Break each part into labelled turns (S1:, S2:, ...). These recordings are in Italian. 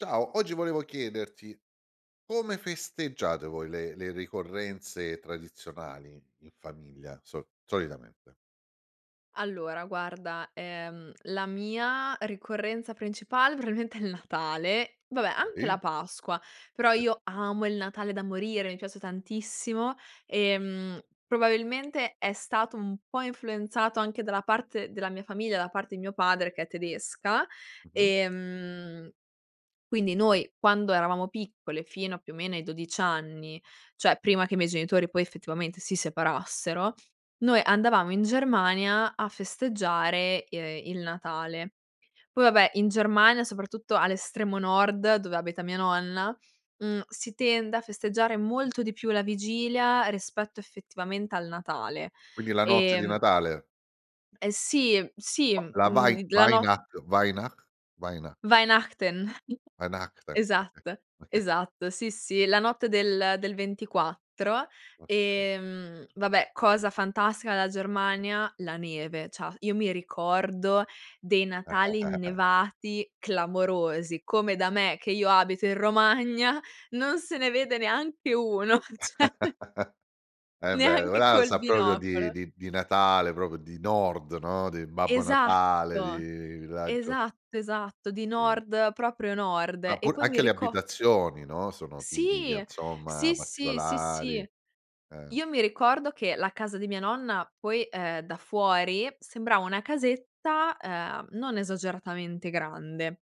S1: Ciao, oggi volevo chiederti: come festeggiate voi le le ricorrenze tradizionali in famiglia, so solitamente?
S2: Allora, guarda, ehm, la mia ricorrenza principale probabilmente è il Natale. Vabbè, anche
S1: Oi.
S2: la Pasqua, però
S1: Sì.
S2: io amo il Natale da morire. Mi piace tantissimo e, mhmm, probabilmente è stato un po' influenzato anche dalla parte della mia famiglia, dalla parte di mio padre, che è tedesca
S1: Mh-mh.
S2: e, mhmm, quindi noi, quando eravamo piccole, fino a più o meno ai 12 anni, cioè, prima che i miei genitori poi, effettivamente, si separassero, noi andavamo in Germania a festeggiare, ehm, il Natale. Poi, vabbè, in Germania, soprattutto all'estremo nord, dove abita mia nonna, mhmm, si tende a festeggiare molto di più la vigilia rispetto effettivamente al Natale
S1: Quindi la notte
S2: e
S1: di
S2: mhmm
S1: Natale.
S2: eh, sì, sì,
S1: La la Wei
S2: mhmm, la no
S1: Weinach Weinach Weinach
S2: Weihnachten.
S1: Weinachten, okay.
S2: Esatto,
S1: Okay.
S2: esatto, sì, sì, la notte del del 24
S1: Okay.
S2: e, mhmm, vabbè, cosa fantastica della Germania: la neve. C'ha io mi ricordo dei Natali innevati clamorosi, come da me, che io abito in Romagna, non se ne vede neanche uno, cioè
S1: È vero,
S2: neanche
S1: ora
S2: col
S1: sa proprio di
S2: binocolo.
S1: di di Natale, proprio di nord, no? Di Babbo Natale,
S2: Esatto!
S1: di raggio
S2: Esatto, esatto. Di
S1: Sì.
S2: Nord, proprio Nord
S1: Ma
S2: e
S1: pur
S2: poi mi
S1: anche le
S2: rico
S1: abitazioni, no, sono tipiche,
S2: Sì!
S1: insomma,
S2: Sì, sì, sì,
S1: particolari,
S2: sì.
S1: eh.
S2: Io mi ricordo che la casa di mia nonna, poi, ehm, da fuori sembrava una casetta, ehm, non esageratamente grande,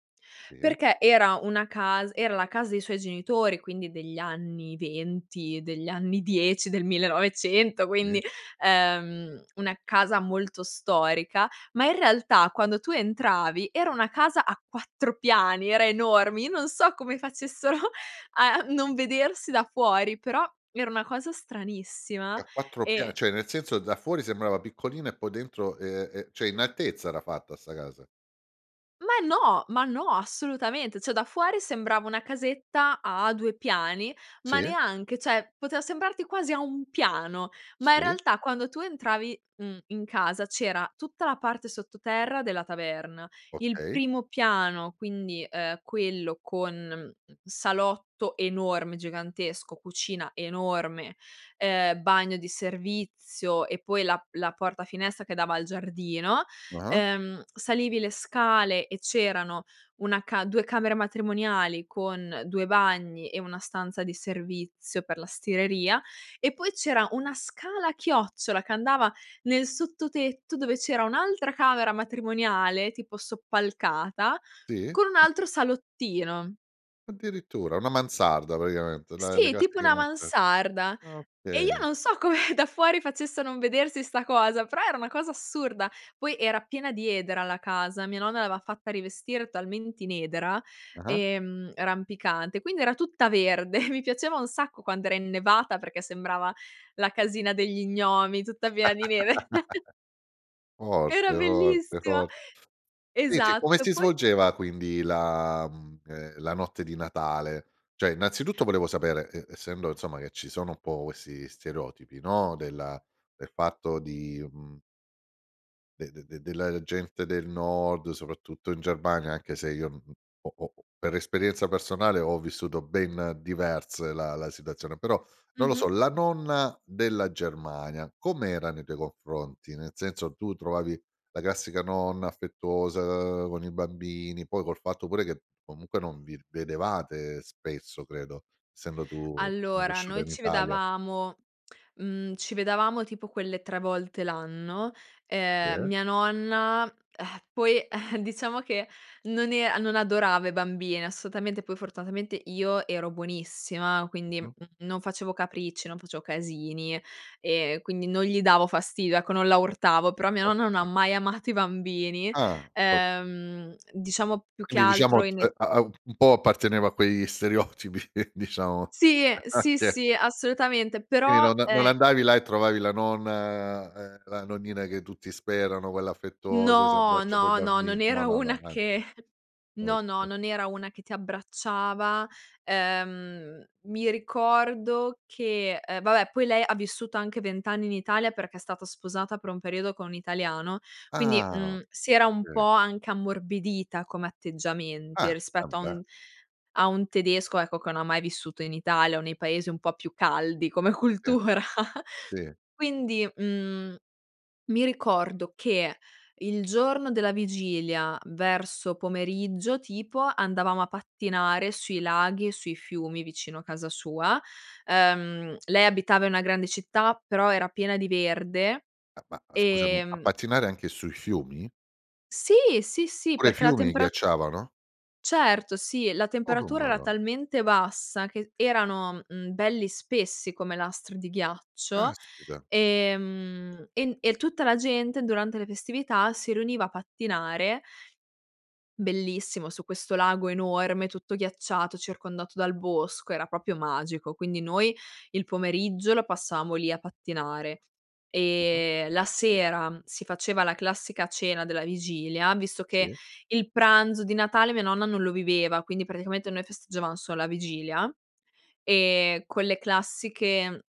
S1: Sì?
S2: perché era una cas era la casa dei suoi genitori, quindi degli anni 20, degli anni 10, del 1900,
S1: Sì.
S2: quindi ehm, una casa molto storica, ma, in realtà, quando tu entravi, era una casa a 4 piani, era enorme. Io non so come facessero a non vedersi da fuori. Però era una cosa
S1: È
S2: stranissima
S1: a 4 pian
S2: e
S1: cioè, nel senso, da fuori sembrava piccolina e poi dentro, ehm, ehm, cioè, in altezza era fatta 'sta casa.
S2: Ma no! Ma no, assolutamente. Cioè, da fuori sembrava una casetta a 2 piani, ma
S1: Sì.
S2: neanche, cioè, poteva sembrarti quasi a 1 piano, ma, in
S1: Sì.
S2: realtà, quando tu entravi, mhmm, in casa, c'era tutta la parte sottoterra della taverna, il
S1: Okay.
S2: primo piano, quindi, ehm, quello con, mhmm, salotto enorme, gigantesco, cucina enorme, ehm, bagno di servizio e poi la la porta-finestra che dava al giardino.
S1: Ah-ah.
S2: Ehm, salivi le scale e c'erano 1 ca 2 camere matrimoniali con 2 bagni e 1 stanza di servizio per la stireria e poi c'era 1 scala a chiocciola che andava nel sottotetto dove c'era un'altra camera matrimoniale, tipo soppalcata,
S1: Sì.
S2: con un altro salottino.
S1: Addirittura? Una mansarda, praticamente la la
S2: Sì,
S1: casa
S2: tipo
S1: che.
S2: una
S1: [unintelligible]
S2: mansarda.
S1: Ah,
S2: E io
S1: okay.
S2: non so come da fuori facesse a non vedersi 'sta cosa, però era una cosa assurda. Poi, era piena di edera la casa. Mia nonna l'aveva fatta rivestire talmente in edera,
S1: Ah-ah.
S2: ehm, rampicante, quindi era tutta verde. Mi piaceva un sacco quando era innevata perché sembrava la casina degli gnomi, tutta piena di neve. Era
S1: Forte forte
S2: bellissima!
S1: fort Invece, come
S2: Esatto,
S1: si
S2: poi
S1: svolgeva, quindi, la, mhmm, ehm, la notte di Natale? Cioè, innanzitutto, volevo sapere, ehm, essendo, insomma, che ci sono un po' questi stereotipi, no, della del fatto di, mhmm de de de della gente del Nord, soprattutto in Germania, anche se io n ho ho per esperienza personale, ho vissuto ben diverse la la situazione, però, non lo so,
S2: Mh-mh.
S1: la nonna della Germania, com’era nei tuoi confronti? Nel senso, tu trovavi la classica nonna affettuosa con i bambini? Poi, col fatto pure che comunque non vi vedevate spesso, credo, essendo tu
S2: Allora,
S1: cresciuta
S2: noi
S1: in
S2: ci
S1: Italia.
S2: vedevamo, mhmm, ci vedevamo, tipo, quelle 3 volte l'anno. Ehm,
S1: Sì.
S2: mia nonna, ehm, poi, ehm, diciamo che, non e non adorava i bambini, assolutamente. Poi, fortunatamente, io ero buonissima, quindi, mhmm,
S1: Mh-mh.
S2: non facevo capricci, non facevo casini e, quindi, non gli davo fastidio, ecco, non la urtavo, però mia nonna non ha
S1: Ok.
S2: mai amato i bambini,
S1: Ah! Ok.
S2: ehm, diciamo più che
S1: Quindi,
S2: altro
S1: diciamo,
S2: in e
S1: ehm, ha ha un po' apparteneva a quegli stereotipi, diciamo.
S2: Sì, sì,
S1: [unintelligible]
S2: sì, assolutamente,
S1: Quindi
S2: però,
S1: non non
S2: ehm
S1: andavi là e trovavi la nonna, ehm, la nonnina che tutti sperano. Quella affettuosa, si
S2: No.
S1: abbracciano i
S2: No, no,
S1: bambin
S2: non
S1: no,
S2: era
S1: no, no,
S2: una
S1: an
S2: che no, no,
S1: Okay.
S2: non era una che ti abbracciava. Ehm, mi ricordo che ehm, vabbè, poi lei ha vissuto anche 20 anni in Italia perché è stato sposata, per un periodo, con un italiano, quindi,
S1: Ah!
S2: mhmm, si era un po'
S1: Okay.
S2: anche ammorbidita come atteggiamenti,
S1: Ah! Eh,
S2: rispetto a
S1: beh!
S2: un a un tedesco, ecco, che no ha mai vissuto in Italia o nei paesi un po' più caldi come
S1: Sì,
S2: cultura.
S1: sì.
S2: Quindi, mhmm, mi ricordo che, il giorno della vigilia, verso pomeriggio tipo, andavamo a pattinare sui laghi e sui fiumi, vicino a casa sua. Ehm, lei abitava i una grande città, però era piena di verde
S1: Ma ma ma scusami,
S2: e
S1: a
S2: mhmm
S1: pattinare anche sui fiumi?
S2: Sì! Sì, sì,
S1: Pure i
S2: perché la
S1: fiumi
S2: tempera
S1: ghiacciavano?
S2: Certo, sì. La
S1: Oh-oh,
S2: temperatura era
S1: madon
S2: talmente bassa che erano, mhmm, belli spessi come lastri di ghiaccio
S1: Caspita!
S2: e, mhmm, en e tutta la gente, durante le festività, si riuniva a pattinare bellissimo su questo lago enorme, tutto ghiacciato, circondato dal bosco, era proprio magico! Quindi noi il pomeriggio lo passavamo lì a pattinare
S1: Mh-mh.
S2: e, la sera si faceva la classica cena della vigilia, visto che
S1: Sì.
S2: il pranzo di Natale mia nonna non lo viveva, quindi praticamente noi festeggiavamo solo a vigilia e quelle classiche,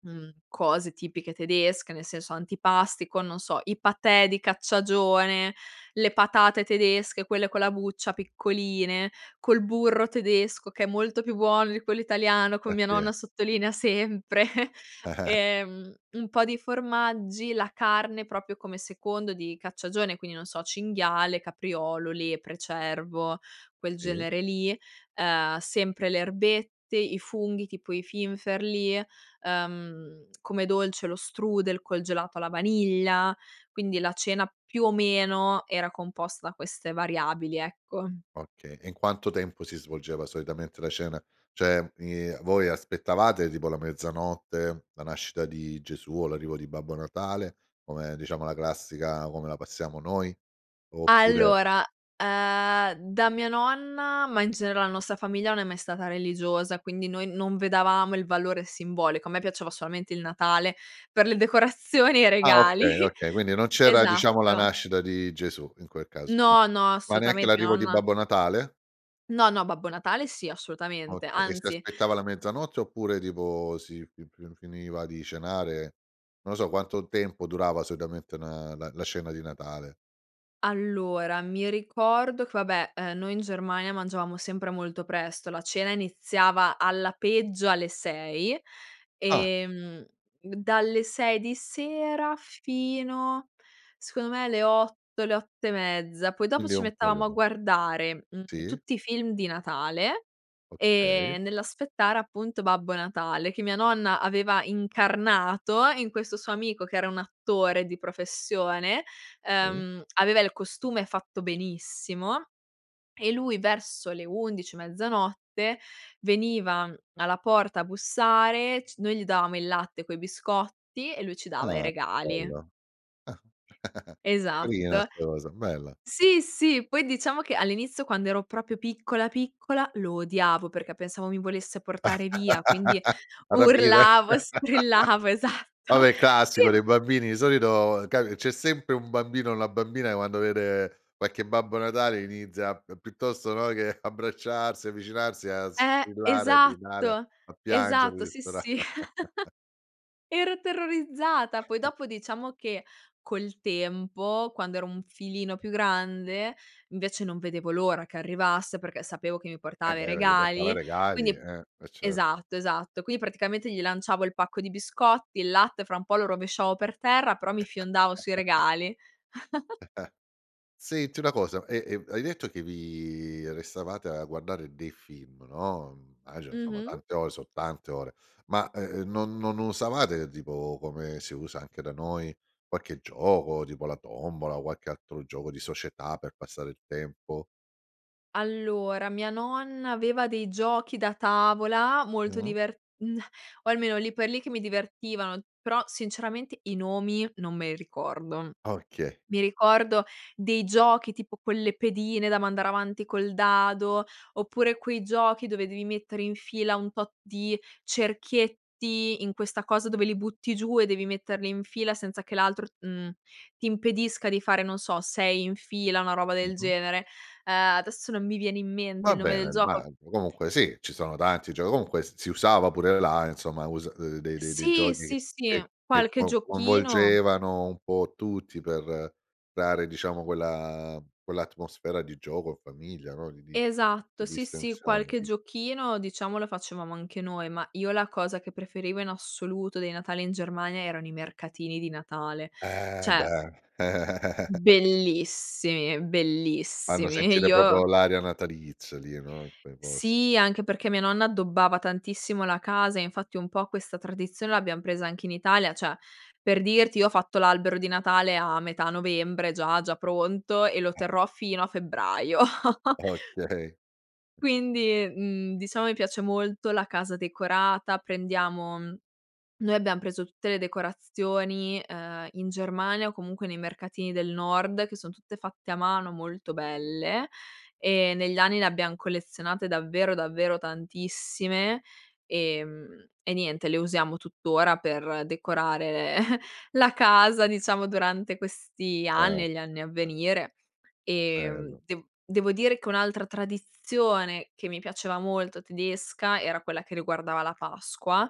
S2: mhmm, cose tipiche tedesche, nel senso, antipasti con, non so, i paté di cacciagione, le patate tedesche, quelle con la buccia piccoline, col burro tedesco, che è molto più buono di quello italiano,
S1: Beh
S2: come mia nonna
S1: ehm
S2: sottolinea sempre e, mhmm, un po' di formaggi, la carne, proprio come secondo di cacciagione, quindi, non so: cinghiale, capriolo, lepre, cervo, quel
S1: Sì.
S2: genere lì, ehm, sempre le erbette, i funghi, tipo i finferli. Ehm, come dolce lo strudel col gelato alla vaniglia. Quindi la cena, più o meno, era composta da queste variabili, ecco.
S1: Okay. E in quanto tempo si svolgeva, solitamente, la cena? Cioè, i voi aspettavate tipo la mezzanotte, la nascita di Gesù o l'arrivo di Babbo Natale, come, diciamo, la classica come la passiamo noi? Oppure
S2: Allora, ehm, da mia nonna, ma in genere la nostra famiglia non è mai stata religiosa, quindi noi non vedevamo il valore simbolico. A me piaceva solamente il Natale per le decorazioni e i
S1: Ah,
S2: regali,
S1: okay, okay, quindi non c'era, diciamo, la
S2: esatto.
S1: nascita di Gesù, in quel caso. [unintelligible]
S2: No, no,
S1: Ma neanche
S2: assolutamente, mia
S1: l'arrivo di
S2: nonna
S1: Babbo Natale?
S2: No, no, Babbo Natale sì, assolutamente,
S1: Okay. E si
S2: anzi.
S1: aspettava la mezzanotte oppure, tipo, si fi fi finiva di cenare? Non lo so, quanto tempo durava, solitamente, una la la cena di Natale?
S2: Allora, mi ricordo che, vabbè, ehm, noi in Germania mangiavamo sempre molto presto. La cena iniziava, alla peggio, alle 6
S1: Ah!
S2: e, mhmm, dalle 6 di sera, fino, secondo me, alle 8, le 8 e mezza, poi dopo
S1: Quindi è
S2: ci
S1: un
S2: mettevamo a
S1: periodo.
S2: guardare, mhmm,
S1: Sì.
S2: tutti i film di Natale,
S1: Okay.
S2: ehm, nell'aspettare, appunto, Babbo Natale che mia nonna aveva incarnato in questo suo amico che era un attore di professione.
S1: Mh.
S2: Ehm, aveva il costume fatto benissimo e lui, verso le 11, mezzanotte, veniva alla porta a bussare c noi gli davamo il latte coi biscotti e lui ci dava i
S1: Ah,
S2: regali.
S1: bello! Carina
S2: Esatto.
S1: 'sta cosa. Bella!
S2: Sì, sì, poi diciamo che, all'inizio, quando ero proprio piccola, piccola, lo odiavo perché pensavo mi volesse portare via, quindi
S1: A rapire
S2: urlavo, strillavo, esatto.
S1: Vabbè,
S2: Sì,
S1: classico
S2: m
S1: dei bambini. Di solito capi c’è sempre un bambino o una bambina che, quando vede qualche Babbo Natale inizia p piuttosto, no, che abbracciarsi o avvicinarsi, a
S2: Eh,
S1: strillare, a gridare,
S2: esatto,
S1: a piangere
S2: esatto, sì,
S1: dispera
S2: sì. Ero terrorizzata, poi dopo, diciamo che, col tempo, quando ero un filino più grande, invece, non vedevo l'ora che arrivasse perché sapevo che mi
S1: Eh,
S2: portava i
S1: beh, perché portava i
S2: regali,
S1: regali,
S2: quindi
S1: eh. Eh, certo.
S2: esatto, esatto, quindi praticamente gli lanciavo il pacco di biscotti, il latte fra un po' lo rovesciavo per terra però mi fiondavo sui regali.
S1: Senti una cosa: e e hai detto che vi restavate a guardare dei film, no? Mhmm, immagino insomma,
S2: Mh-mh.
S1: tante ore son tante ore, ma, e ehm, non non usavate, tipo, come si usa anche da noi, qualche gioco, tipo la tombola o qualche altro gioco di società, per passare il tempo?
S2: Allora, mia nonna aveva dei giochi da tavola molto
S1: Mh.
S2: diver mhmm, o almeno, lì per lì, che mi divertivano, però, sinceramente i nomi non me li ricordo.
S1: Okay.
S2: Mi ricordo dei giochi, tipo quelle pedine da mandare avanti col dado, oppure quei giochi dove devi mettere in fila un tot di cerchietti, in questa cosa dove li butti giù e devi metterli in fila, senza che l'altro, mhmm, ti impedisca di fare, non so, 6 in fila, una roba del
S1: Mh-mh.
S2: genere. Ehm, adesso non mi viene in mente
S1: Va
S2: il nome del
S1: bene,
S2: gioco.
S1: [unintelligible] comunque sì, ci sono tanti gioc comunque s si usava pure là, insomma usa uhm, de de dei
S2: Sì,
S1: giochi che
S2: sì, sì.
S1: che che
S2: Qualche
S1: co
S2: giochino
S1: coinvolgevano un po’ tutti per dare, diciamo, quella quell’atmosfera di gioco in famiglia, no? Di di di
S2: Esatto, sì, sì,
S1: distensione,
S2: qualche
S1: di
S2: giochino, diciamo, lo facevamo anche noi, ma io la cosa che preferivo in assoluto dei Natali in Germania erano i mercatini di Natale,
S1: Eh,
S2: cioè
S1: beh.
S2: Bellissimi,
S1: Fanno
S2: bellissimi.
S1: sentire proprio
S2: Io
S1: l’aria natalizia, lì no, uei posti.
S2: Sì, anche perché mia nonna addobbava tantissimo la casa e, infatti, un po' questa tradizione l'abbiam presa anche in Italia, cioè, per dirti, io ho fatto l'albero di Natale a metà novembre già già pronto e lo
S1: Eh.
S2: terrò fino a febbraio.
S1: Okay.
S2: Quindi, mhmm, diciamo, mi piace molto la casa decorata, prendiamo mhmm, noi abbiam preso tutte le decorazioni, ehm, in Germania o comunque nei mercatini del nord che son tutte fatte a mano, molto belle e negli anni ne abbiam collezionate davvero, davvero tantissime e mhmm, e niente le usiamo tuttora per decorare la casa, diciamo, durante questi
S1: Ce
S2: anni e gli
S1: eh.
S2: anni a venire e, mhmm,
S1: Bello.
S2: de devo dire che un'altra tradizione che mi piaceva molto tedesca, era quella che riguardava la Pasqua.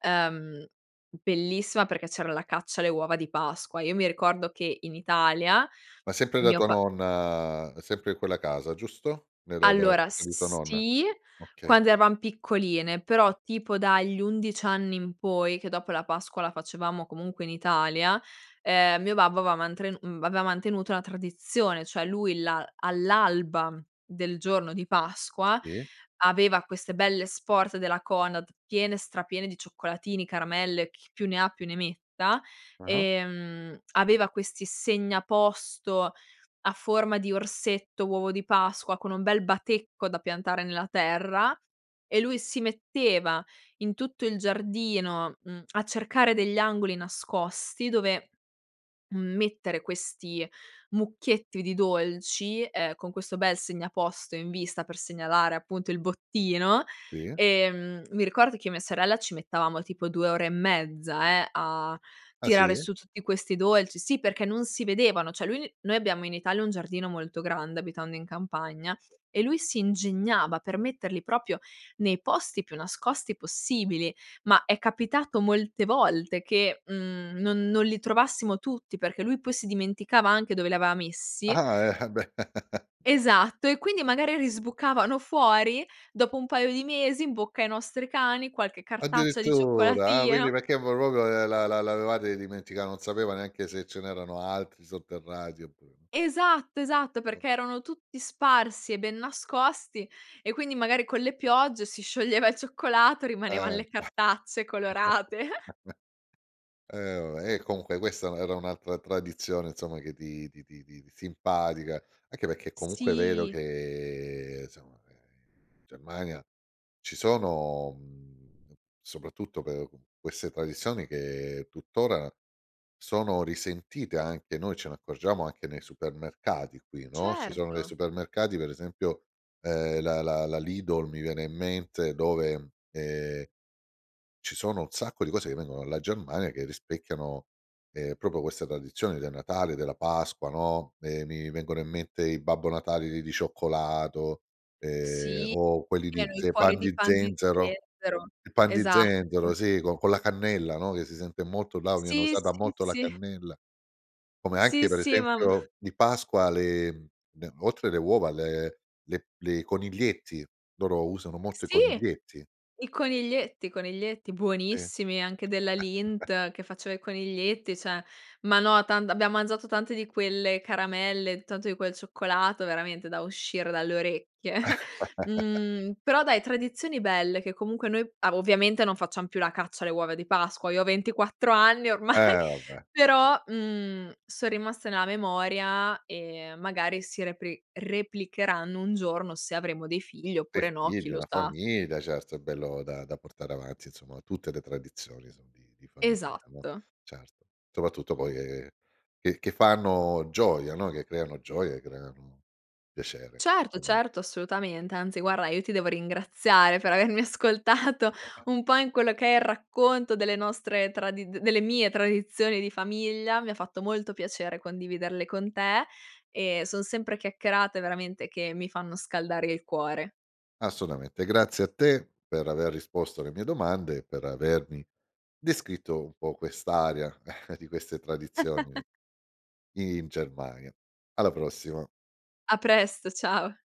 S2: Ehm, bellissima perché c'era la caccia alle uova di Pasqua. Io mi ricordo che in Italia
S1: Ma sempre da
S2: mio
S1: tua
S2: pa
S1: nonna, sempre in quella casa, giusto? Era da a
S2: Allora,
S1: casa
S2: s
S1: di tua
S2: s
S1: nonna.
S2: sì,
S1: Okay.
S2: quando eravam piccoline, però, tipo dagli 11 anni in poi, che dopo la Pasqua la facevamo comunque in Italia, ehm, mio babbo aveva mantre mhmm, aveva mantenuto una tradizione, cioè, lui la all'alba del giorno di Pasqua
S1: Sì.
S2: aveva queste belle sport della Conad, piene, stra piene di cioccolatini, caramelle, chi più ne ha più ne metta,
S1: Ah-ah.
S2: e, mhmm, aveva questi segnaposto a forma di orsetto, uovo di Pasqua, con un bel batecco da piantare nella terra e lui si metteva in tutto il giardino, mhmm, a cercare degli angoli nascosti dove, mhmm, mettere questi mucchietti di dolci, ehm, con questo bel segnaposto in vista per segnalare appunto il bottino
S1: Sì.
S2: e, mhmm, mi ricordo che io e mia sorella ci mettevamo tipo 2 ore e mezza, eh, a
S1: Ah,
S2: tirare
S1: sì?
S2: su tutti questi dolci sì, perché non si vedevano. Cioè lui noi abbiamo in Italia un giardino molto grande, abitando in campagna, e lui si ingegnava per metterli proprio nei posti più nascosti possibili, ma è capitato molte volte che, mhmm, non non li trovassimo tutti perché lui poi si dimenticava anche dove li aveva messi.
S1: Ah-ah, eh, ah, beh.
S2: Esatto e quindi, magari, risbucavano fuori, dopo un paio di mesi, in bocca ai nostri cani, qualche cartaccia di
S1: Addirittura? Ah, quindi
S2: cioccolatino
S1: perché poi proprio, ehm, la la l'avetate dimentica non sapeva neanche se ce n'erano altri sotterrati oppure no.
S2: Esatto, esatto.
S1: Mh.
S2: Perché erano tutti sparsi e ben nascosti e, quindi, magari, con le piogge, si scioglieva il cioccolato e rimanevan
S1: Eh.
S2: le cartacce colorate.
S1: Eh vabbè, e comunque questa era era un'altra tradizione, insomma, che ti ti ti ti simpatica. Anche perché comunque è vero
S2: Sì.
S1: che, somma, ehm, in Germania ci sono, mhmm, soprattutto per, uhm, queste tradizioni che tuttora sono risentite, anche. Noi ce ne accorgiamo anche nei supermercati qui, no? Ci sono dei
S2: Certo!
S1: supermercati, per esempio, ehm, la la la Lidl, mi viene in mente dove, ehm, ci sono un sacco di cose che vengono dalla Germania che rispecchiano, ehm, proprio questa tradizione del Natale, della Pasqua, no? Ehm, mi vengono in mente i Babbo Natale di di cioccolato. Ehm,
S2: Sì,
S1: o quelli di
S2: erano i
S1: ze
S2: cuori
S1: pan
S2: di
S1: di
S2: pan di
S1: zenzero.
S2: zenzero.
S1: I pan di
S2: Esatto.
S1: zenzero, sì, con con la cannella, no? Che si sente molto, là viene
S2: Sì,
S1: usata
S2: sì,
S1: molto la
S2: sì.
S1: cannella. Come anche,
S2: Sì,
S1: per
S2: sì, ma m
S1: esempio, di Pasqua, le mhmm, oltre alle uova, le le le coniglietti, loro usano molto i
S2: Sì!
S1: coniglietti.
S2: I coniglietti, coniglietti,
S1: Sì.
S2: buonissimi, anche della Lindt che faceva i coniglietti, cioè, ma no tant abbiamo mangiato tante di quelle caramelle, tanto di quel cioccolato, veramente, da uscire dalle orecchie. Mhmm, però dai, tradizioni belle, che comunque noi ah, ovviamente non facciam più la caccia alle uova di Pasqua. Io ho 24 anni ormai,
S1: Eh, vabbè.
S2: però, mhmm, son rimaste nella memoria e, magari, si repri replicheranno un giorno, se avremo dei figli
S1: Dei
S2: oppure no, chi
S1: figli,
S2: lo
S1: una
S2: sa.
S1: famiglia, certo, è bello da da portare avanti, insomma. Tutte le tradizioni son di di famiglia, no?
S2: Esatto.
S1: Certo. Soprattutto poi, ehm, che che fanno gioia, no? Che creano gioia e creano piacere,
S2: Certo,
S1: alme
S2: certo, assolutamente, anzi, guarda io ti devo ringraziare per avermi ascoltato un po' in quello che è il racconto delle nostre tradi delle mie tradizioni di famiglia. Mi ha fatto molto piacere condividerle con te e son sempre chiacchierate, veramente, che mi fanno scaldare il cuore.
S1: Assolutamente. Grazie a te per aver risposto alle mie domande e per avermi descritto un po' quest'aria di queste tradizioni i in Germania. Alla prossima.
S2: A presto, ciao.